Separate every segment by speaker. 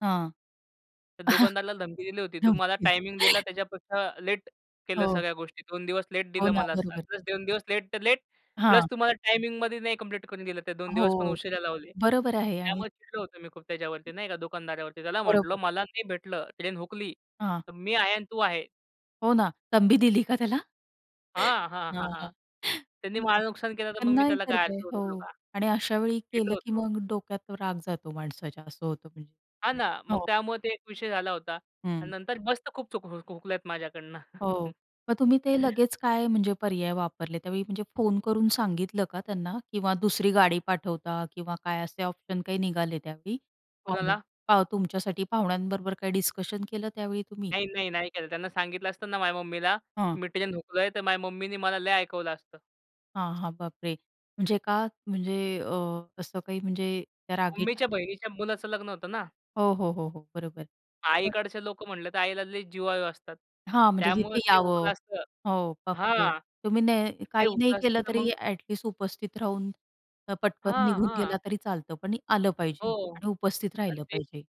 Speaker 1: हां. अ,
Speaker 2: तर दुकानदाराला धमकी दिली होती.
Speaker 1: हं.
Speaker 2: तू
Speaker 1: धमकी
Speaker 2: मला
Speaker 1: द्यायची.
Speaker 2: टायमिंग दिला, त्याच्यापेक्षा लेट केलं
Speaker 1: हो.
Speaker 2: सगळ्या गोष्टी. 2 दिवस लेट
Speaker 1: हो
Speaker 2: दिलं
Speaker 1: ना,
Speaker 2: मला,
Speaker 1: बरोबर.
Speaker 2: प्लस 2 दिवस लेट तर लेट प्लस
Speaker 1: हां.
Speaker 2: तुम्हाला टायमिंगमध्ये नाही कंप्लीट करून दिलं. ते 2 दिवस पण
Speaker 1: हो,
Speaker 2: उशिरा लावले.
Speaker 1: बरोबर आहे आणि
Speaker 2: त्यामुळे चिडलो होतो मी खूप त्याच्यावरती नाही का दुकानदारावरती, त्याला म्हंटलं
Speaker 1: बरोबर.
Speaker 2: मला नाही भेटलं, ट्रेन हुकली
Speaker 1: हां.
Speaker 2: तर मी आहे आणि तू आहे.
Speaker 1: हो ना. तंबी दिली का त्याला?
Speaker 2: हां, हां, हां,
Speaker 1: हां, हां.
Speaker 2: हां, त्यांनी माझ नुकसान केलं, तर मग मी
Speaker 1: नाही
Speaker 2: त्याला
Speaker 1: तर
Speaker 2: काय
Speaker 1: काय,
Speaker 2: आरती
Speaker 1: हो
Speaker 2: ओवळू का?
Speaker 1: आणि अशावेळी
Speaker 2: चिडलो
Speaker 1: केलं, की
Speaker 2: होतो.
Speaker 1: मग डोक्यात राग जातो माणसाच्या असं होतं म्हणजे.
Speaker 2: हां, ना, मग
Speaker 1: हो.
Speaker 2: त्यामुळे ते एक विषय झाला होता आणि
Speaker 1: हं.
Speaker 2: नंतर मस्त खूप चूक हुकल्यात माझ्याकडनं.
Speaker 1: हो, मग तुम्ही ते लगेच काय, म्हणजे पर्याय वापरले त्यावेळी, म्हणजे फोन करून सांगितलं का त्यांना किंवा दुसरी गाडी पाठवता किंवा काय असे ऑप्शन काय निघाले त्यावेळी आणि
Speaker 2: कोणाला?
Speaker 1: तुमच्यासाठी, पाहुण्यांबरोबर काही डिस्कशन केलं त्यावेळी तुम्ही?
Speaker 2: नाही, नाही, नाही, केलं त्यांना सांगितलं असतं ना, माझ्या मम्मीला
Speaker 1: हां.
Speaker 2: मी ट्रेन हुकलोय, तर माझ्या मम्मीनी मला लय ऐकवलं असतं.
Speaker 1: हां, हां, बापरे! म्हणजे का म्हणजे अ, असं काही, म्हणजे त्या रागी
Speaker 2: मम्मीच्या बहिणीच्या मुलाचं लग्न होतं ना.
Speaker 1: हो, हो, हो, हो, बरोबर.
Speaker 2: आईकडचे लोकं म्हटलं, तर आईला लय जिवाळू असतात.
Speaker 1: हां, म्हणजे
Speaker 2: त्यामुळं
Speaker 1: जिथे
Speaker 2: ते हुकलं
Speaker 1: यावं
Speaker 2: असतं,
Speaker 1: हो. बापरे!
Speaker 2: हां.
Speaker 1: तुम्ही नाही
Speaker 2: ते
Speaker 1: काही नाही
Speaker 2: होतं असतं
Speaker 1: केलं,
Speaker 2: तर
Speaker 1: तरी
Speaker 2: मग
Speaker 1: ॲट लिस्ट उपस्थित राहून अ, पटकन
Speaker 2: हां,
Speaker 1: निघून गेला
Speaker 2: हां.
Speaker 1: तरी चालतं, पण आलं पाहिजे
Speaker 2: हो
Speaker 1: आणि उपस्थित
Speaker 2: आणि
Speaker 1: राहिलं
Speaker 2: ते,
Speaker 1: पाहिजे.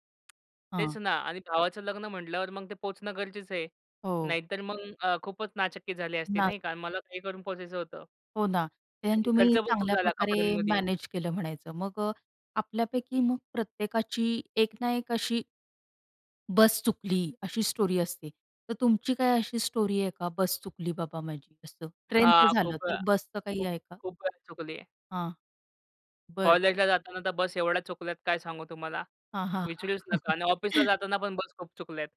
Speaker 1: हां.
Speaker 2: तेच ना आणि भावाचं लग्न म्हटल्यावर मग ते पोहचणं गरजेचं आहे,
Speaker 1: हो.
Speaker 2: नाहीतर मग अ, खूपच नाचक्की झाली असती,
Speaker 1: ना
Speaker 2: नाही का. मला काही करून पोहचायचं होतं.
Speaker 1: हो ना, ते
Speaker 2: आणि खर्च
Speaker 1: तुम्ही
Speaker 2: पण खूप
Speaker 1: चांगल्या
Speaker 2: झाला
Speaker 1: प्रकारे
Speaker 2: कपड्यांमध्ये.
Speaker 1: मॅनेज केलं म्हणायचं मग. अ, आपल्यापैकी मग प्रत्येकाची एक ना एक अशी बस चुकली, अशी स्टोरी असते. तर तुमची काय अशी स्टोरी आहे का, बस चुकली बाबा माझी असं, ट्रेनचं
Speaker 2: हां,
Speaker 1: झालं,
Speaker 2: खूप
Speaker 1: तर
Speaker 2: अ,
Speaker 1: बसचं काही आहे का?
Speaker 2: खूप-खूप चुकली.
Speaker 1: हां, बरं.
Speaker 2: कॉलेजला जाताना तर बस एवढ्या चुकल्यात, काय सांगू तुम्हाला,
Speaker 1: हां, हां,
Speaker 2: विचारूच
Speaker 1: हां.
Speaker 2: नका आणि ऑफिसला जाताना पण बस खूप चुकल्या आहेत.